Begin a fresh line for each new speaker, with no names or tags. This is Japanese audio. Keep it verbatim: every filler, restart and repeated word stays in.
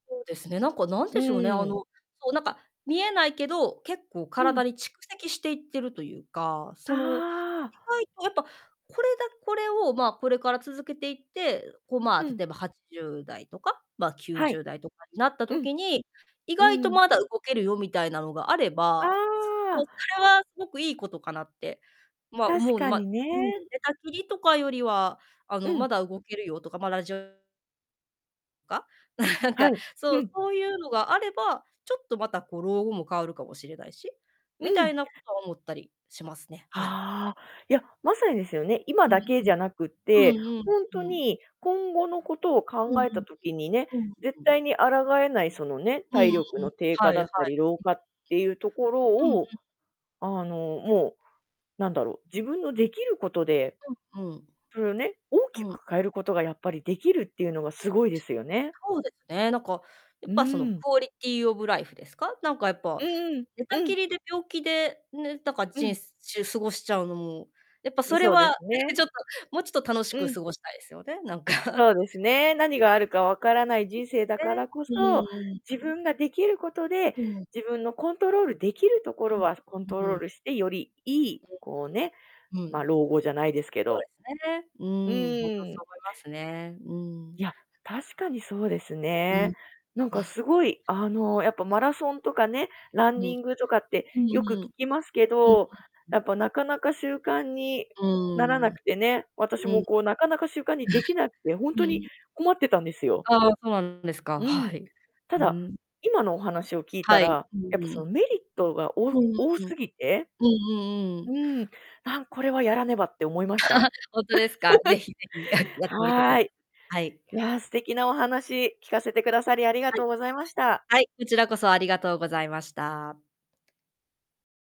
そうですね。なんかなん
う
で
ん
しょうね、
う
あ
んう
の、
ん。
そう、なんか見えないけど、結構
うん。
体に蓄積していってるというか、その、意
ああ。
外とやっぱこれだこれを、ま、これから続けていって、う、こう、まあ、
うん。
例えばはちじゅうだいとか、ま、きゅう
は
じゅ
い。
うだいとかになった
うん。
時に、意
う
外と
ん。
まだ動けるよみたいなのがあれば、
あ
そう、
あ。
それはすごくいいことかなって。ま、
確
思う、
かに
まうん、寝
ね。
たきりとかよりは、あ
う
の、ま
ん。
だ動けるよとか、ま、ラジオとか、なん
は
か、
い、う
そう、
ん。
そうゆうのがあれば、ちょっとまた、こう、老後も変わるかもしれないし、
う
みた
ん。
いなこと思ったりしますね、はい。
ああ、いや、まさにですよね、今
う
だ
ん、
けじゃなくっ
う。う
て、
ん
ほん
うん、
と
うん。
に今後のことを
う
考
ん
え
うん、
た時にね、
う。うん、
絶
う
対
ん。
に抗えないそのね、
うんう
体
ん。
力の低下
は
だ
いはい。
ったり老
う
化
ん。
ってゆうところ
うんう
を、
ん。
あの、もう、なんだろう、自分のできることで、
うんうん。
それをね、大
う
き
ん。
く変えることがやっぱり出来るっていうのがすごいですよね。
そうですね、なんか、や
う
っぱその、
ー
ク
ん。
オリティオブライフですか。なんかやっ
う
ぱ、
ん
寝
う
た
ん、う
き
ん。
りで病気でね、なんか、
う
じん
ん。
しゅすごしちゃうのも、やっぱ
ん、
それ
そうで
は
すね。
ね、ちょっと、もうちょっと楽し
う
く
ん。
過ごしたいですよね、なんか。うん。
そうですね、何
うん。
があるかわからない
う
人生だ
ん。
か
ね、
らこ
う
そ、
んうん、
自
うん。
分ができることで、
うん。
自分のコントロールできるところはコント
うん。う
ロ
う
ー
ん。
ルして、よりいい、
それ。
こうね、
う
ま、
ん。
老後じゃないですけ
そう
ど
ですね。う
うんう
ーん、ほんと、
んう
そう
ん。
思いますね。うーん。
いや、確かにそうです
う
ね。
ん。
なんかすごい、あの、やっぱ、マラソンとかねラ
う
ン
う
ニ
ん。
ングとかって
うん
よく聞
うん。う
きますけ
ん、う
ど、
う
や
ん。
っぱ、なかなか習慣に
う
ならな
ーん。うん。
くてね、私も こう、なかなか習慣にできなくて、ほん
う
とに
ん。
困ってたんですよ。
ああ、そうなんですか、
う
は
ん。
い。
た
ふう
だ、
ん。
今のお話を聞いた
はい、
ら、
うん
やっぱ
う
その、
ん。
メリットが、お
うん
多すぎて、
うんう
う
ん。
ーん、あ、これはやらねばって思いました。
ほんとですか？是非是非、あ、やってみてく
は
だ
ーい。
はい。
いや、素敵なお話、聞かせてくださり、ありが
は
と
い。
うございました。
はい、ちらこそありがとうございました。